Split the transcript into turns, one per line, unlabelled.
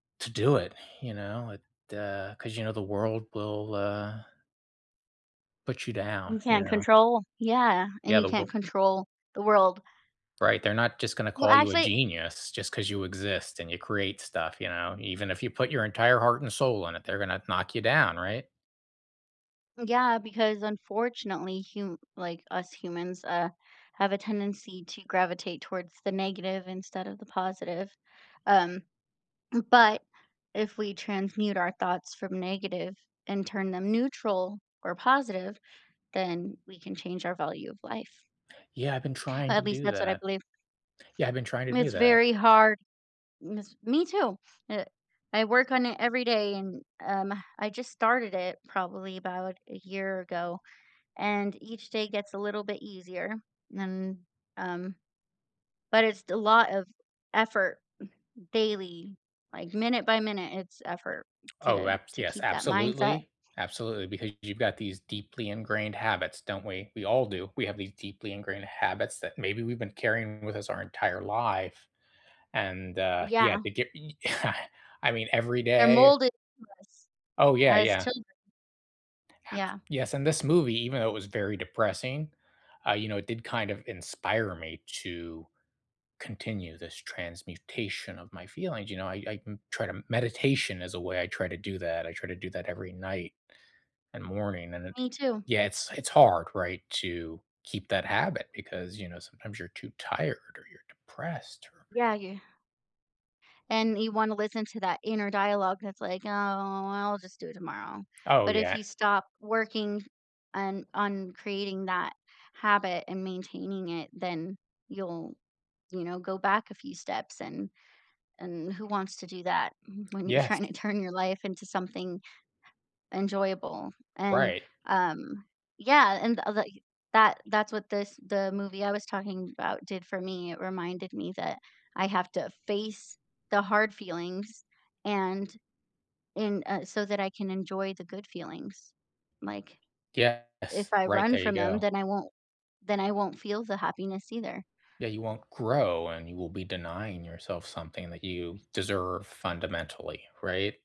to do it. You know, it, uh 'cause, you know, the world will, uh put you down,
You
you
can't
know?
control? Yeah, and
Yeah,
you
the
can't
worl
control the world.
Right, they're not just gonna
Well,
call you a
actually
genius, just 'cause you exist, and you create stuff, you know? Even if you put your entire heart and soul in it, they're gonna knock you down, right?
Yeah, because, unfortunately, hum like, us humans, uh, have a tendency to gravitate towards the negative, instead of the positive, um, but, if we transmute our thoughts from negative, and turn them neutral, or positive, then we can change our value of life.
Yeah, I've been trying to
At least,
do
that's what I
that.
believe.
Yeah, I've been trying to
Mm,
do
it's
that.
very hard, jus Me, too! Eh, I work on it every day, and, um, I just started it, probably about a year ago, and each day gets a little bit easier. And, um, but it's st a lot of effort, daily, like, minute by minute, it's effort
Oh,
to
abs
to
yes,
keep that mindset.
absolutely. Absolutely, because you've got these deeply ingrained habits, don't we? We all do. We have these deeply ingrained habits, that maybe we've been carrying with us our entire life, and, uh, yeah,
Yeah.
to get y I mean, every
They're
day
molded to us
Oh, yeah,
as
yeah.
children.
Abs
Yeah.
Yes, and this movie, even though it was very depressing, uh, you know, it did kind of inspire me to continue this transmutation of my feelings, you know, I I, m try to meditation is a way I try to do that, I try to do that every night, and morning, and it
Me, too.
Yeah, it's it's hard, right, to keep that habit, because, you know, sometimes you're too tired, or you're depressed.
Yeah, you And, you wanna listen to that inner dialogue that's like, "Oh, well I'll just do it tomorrow."
Oh,
But if
yeah.
you stop working, an on creating that habit, and maintaining it, then you'll, you know, go back a few steps, and and who wants to do that when you're
Yes.
tryna turn your life into something enjoyable, and,
Right.
um yeah, and l like, that that's what this the movie I was talking about, did for me, it reminded me that I have to face the hard feelings, and en uh, so that I can enjoy the good feelings, like,
Yes.
if I
Right,
run
there you
from them,
go.
then I won't then I won't feel the happiness, either.
Yeah, you won't grow, and you will be denying yourself something that you deserve, fundamentally, right?